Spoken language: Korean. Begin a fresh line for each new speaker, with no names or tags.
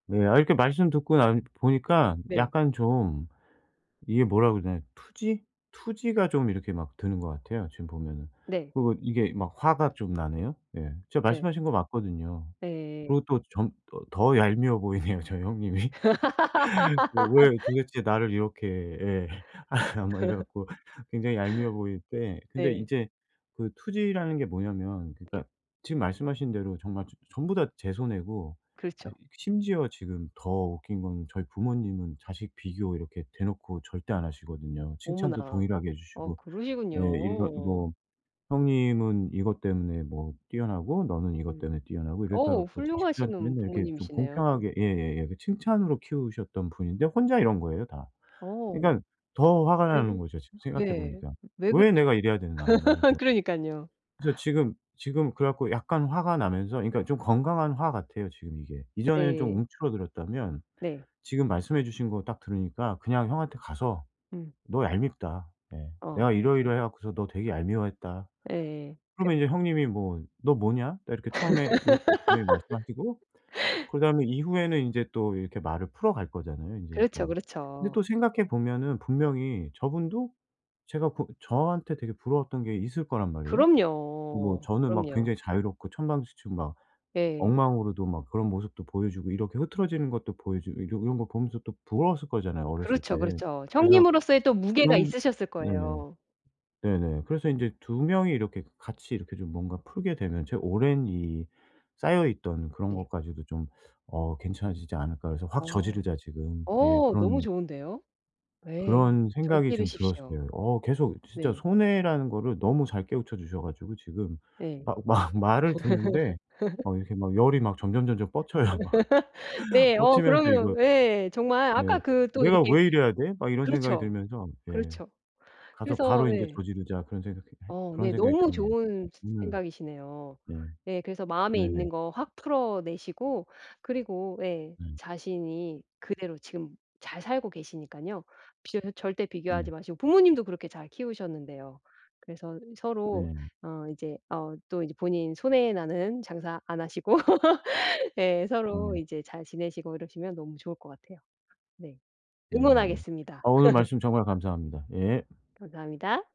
네 아 이렇게 말씀 듣고 나 보니깐
네.
약간 좀 이게 뭐라고 해야 되나? 투지? 투지가 좀 이렇게 막 드는 것 같아요, 지금 보면은.
네.
그리고 이게 막 화가 좀 나네요. 예 제가
네.
말씀하신 거 맞거든요.
네.
그리고 또 점 더 얄미워 보이네요, 저희 형님이. 왜 도대체 나를 이렇게 예. 아 막 이래 갖고 굉장히 얄미워 보일 때 근데
네.
이제 그 투지라는 게 뭐냐면 그러니까
네.
지금 말씀하신 대로 정말 전 전부 다 제 손해고 아이
그렇죠.
그 심지어 지금 더 웃긴 건 저희 부모님은 자식 비교 이렇게 대놓고 절대 안 하시거든요. 칭찬도
어머나.
동일하게 해
아
주시고 예 이런
그러시군요.
이거 "형님은 이것 때문에 뭐 뛰어나고 너는 이것
음.
때문에 뛰어나고." 이렇게 해
어
갖고 자식들한테
훌륭하시는
맨날 이렇게 좀
부모님이시네요.
공평하게 예예예 칭찬으로 키우셨던 분인데 혼자 이런 거예요, 다.
어.
그러니까 더 화가 나는
에구.
거죠, 지금 생각해
네.
보니까.
왜
'왜
그러시죠?
내가 이래야 되나.' 막 이러면서.
그러니깐요.
그래서 지금 지금 그래 갖고 약간 화가 나면서 그러니까 좀 건강한 화 같아요, 지금 이게. 이전에는 좀
네.
움츠러들었다면
네.
지금 말씀해 주신 거 딱 들으니까 그냥 형한테 가서
음.
"너 얄밉다." 예
어
"내가
그렇죠.
이러이러해 갖고서 너 되게 얄미워했다."
에예.
그러면 이제
그렇죠.
형님이 뭐 "너 뭐냐?" 딱 이렇게 처음에 이렇게 분명히 말씀하시고 그다음에 이후에는 인제 또 이렇게 말을 풀어갈 거잖아요. 인제
그렇죠,
뭐. 근데
그렇죠.
또 생각해 보면은
네.
분명히 저분도 제가 그 저한테 되게 부러웠던 게 있을 거란 말이에요. 뭐
그럼요,
저는 막
그럼요.
굉장히 자유롭고 천방지축 막
예.
엉망으로도 막 그런 모습도 보여주고 이렇게 흐트러지는 것도 보여주고 이 이런 거 보면서 또 부러웠을 거잖아요, 어렸을
그렇죠,
때.
그렇죠.
그래서
형님으로서의 또 무게가
그런
있으셨을
네네.
거예요.
네네. 그래서 인제 '2 명이 이렇게 그 같이 이렇게 좀 뭔가 풀게 되면 제 오랜 이 쌓여있던 그런
네.
것까지도 좀 어 괜찮아지지 않을까.' 그래서 '확
어.
저지르자.' 지금 예
어 너무
그런
좋은데요. 예.
그런 생각이 좀
저지르십시오.
들었어요. 어 계속 진짜
네.
손해라는 거를 너무 잘 깨우쳐 주셔 가지고 지금
네.
막 막 말을 듣는데 막 이렇게 막 열이 막 점점점점 뻗쳐요, 막.
네 어
뻗치면서 이거
그러면 예. 정말
네
아까 그 또
'내가
이렇게
왜 이래야 돼?' 막 이런 생각이
그렇죠.
들면서 예
그렇죠.
가서
그래서
'바로 인제
예.
저지르자.' 그런 생각했
어
그런
네
생각이
너무
드네요.
좋은
음.
생각이시네요.
네.
네 그래서 마음에
네네.
있는 거 확 풀어내시고 그리고 예
음.
자신이 그대로 지금 잘 살고 계시니까요. 비교 절대 비교하지
네.
마시고 부모님도 그렇게 잘 키우셨는데요. 그래서 서로
네.
어 이제 어 또 이제 본인 손해나는 장사 안 하시고 예 서로
음.
이제 잘 지내시고 이러시면 너무 좋을 것 같아요. 네.
네네.
응원하겠습니다.
아 오늘 말씀 정말 감사합니다. 예.
감사합니다.